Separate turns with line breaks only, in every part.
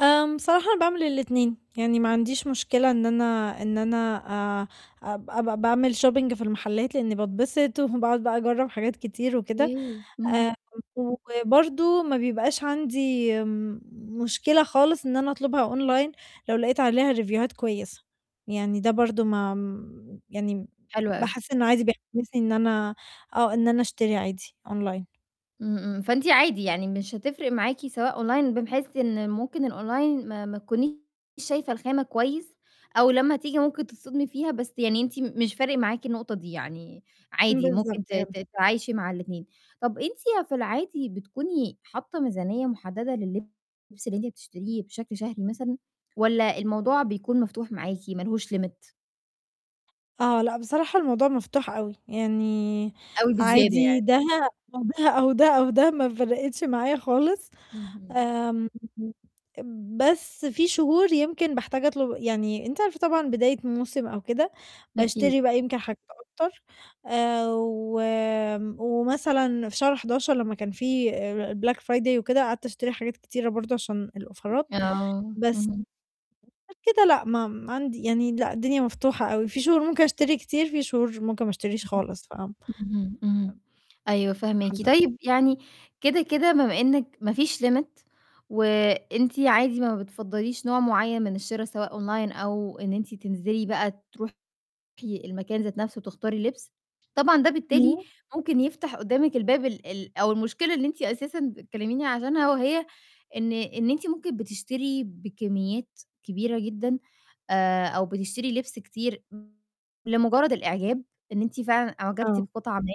آمم صراحة أنا باعمل الاتنين، يعني ما عنديش مشكلة إن أنا إن أنا أ أب أبقى باعمل shopping في المحلات لإني باتبسط وباقعد بقى أجرّب حاجات كتير وكده،
أوكي، اهم
آآ وبرضه ما بيبقاش عندي مشكلة خالص إن أنا أطلبها أونلاين لو لقيت عليها ريفيوهات كويسة، يعني ده برضه ما يعني
حلو أوي.
باحس إنه عادي بيحسسني إن أنا آه، إن أنا أشتري عادي أونلاين.
إمم إمم فأنتِ عادي يعني مش هتفرِق معاكِ سواء أونلاين بحيث إن ممكن الأونلاين ما ما تكونيش شايفة الخامة كويس، أو لمّا تيجي ممكن تتصدمي فيها بس يعني أنتِ مش فارق معاكِ النقطة دي يعني عادي ممكن ت
بالضبط
ت
يالّا.
تتعايشي مع الاتنين. طَب أنتِ في العادي بتكوني حاطة ميزانية مُحددة لللبس اللي أنتِ بتشتريه بشكل شهري مثلًا والّا الموضوع بيكون مفتوح معاكِ ما لهوش limit؟
آه لأ بصراحة الموضوع مفتوح أوي، يعني
أوي بزيادة
عادي
يعني.
ده أو ده أو ده ما فرِقتش معايا خالص،
اهم.
آمم بس في شهور يمكن باحتاج أطُلب يعني أنتِ عارفة طبعًا بداية موسم أو كده
أكيد.
باشتري بقى يمكن حاجات أكتر آآ و آمم ومثلًا في شهر 11 لما كان في آآ الblack friday وكده قعدت أشتري حاجات كتيرة برضه عشان الأوفرات،
آه
بس
اهم.
غير كده لا ما ما عندي يعني لأ الدنيا مفتوحة أوي، في شهور ممكن أشتري كتير، في شهور ممكن ما أشتريش خالص ف
اهم إمم إمم، أيوه فاهماكِ.
[unintelligible]
طيب يعني كده كده بمّا إنِك ما فيش limit وأنتِ عادي ما بتفضّليش نوع معين من الشرا سواء أونلاين أو إن أنتِ تنزِلي بقى تروحي المكان ذات نفسه وتختاري لِبس، طبعًا ده بالتالي
إمم.
ممكن يفتح قِدامك الباب ال ال أو المشكلة اللي إن أنتِ أساسًا بتكلميني عشانها وهي إن إن أنتِ ممكن بتشتري بكميات كبيرة جدًا آآ أو بتشتري لِبس كتير، لمُجرد الإعجاب إن أنتِ فعلًا أُعجبتِ
آه.
بقطعة ما،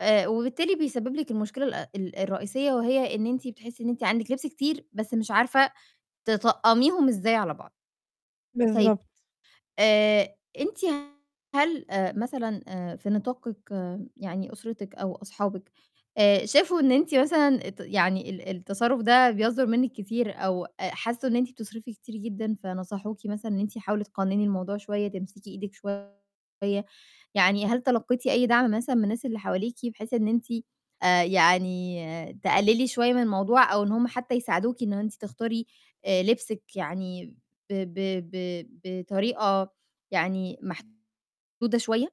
آآ وبالتالي بيسبب لِك المشكلة الأ ال الرئيسية وهي إن أنتِ بتحسي إن أنتِ عندِك لِبس كتير بس مش عارفة تطقميهم إزاي على بعض. طيب
بالضبط.
آآ أنتِ هل آآ مثلًا آآ في نطاقِك يعني أُسرتِك أو أصحابِك آآ شافوا إن أنتِ مثلًا ت يعني ال التصرُف ده بيصدُر منِك كتير أو أ حسوا إن أنتِ بتصرفي كتير جدًا فنصحوكِ مثلًا إن أنتِ "حاولي تقنّني الموضوع شوية، تمسكي إيدِك شوية."، يعني هل تلقيتِ أي دعم مثلًا من الناس اللي حواليكِ بحيث إن أنتِ آآ يعني تقللي شوية من الموضوع أو إن هُم حتى يساعدوكِ إن أنتِ تختاري آآ لبسِك يعني ب ب ب بطريقة يعني محدودة شوية؟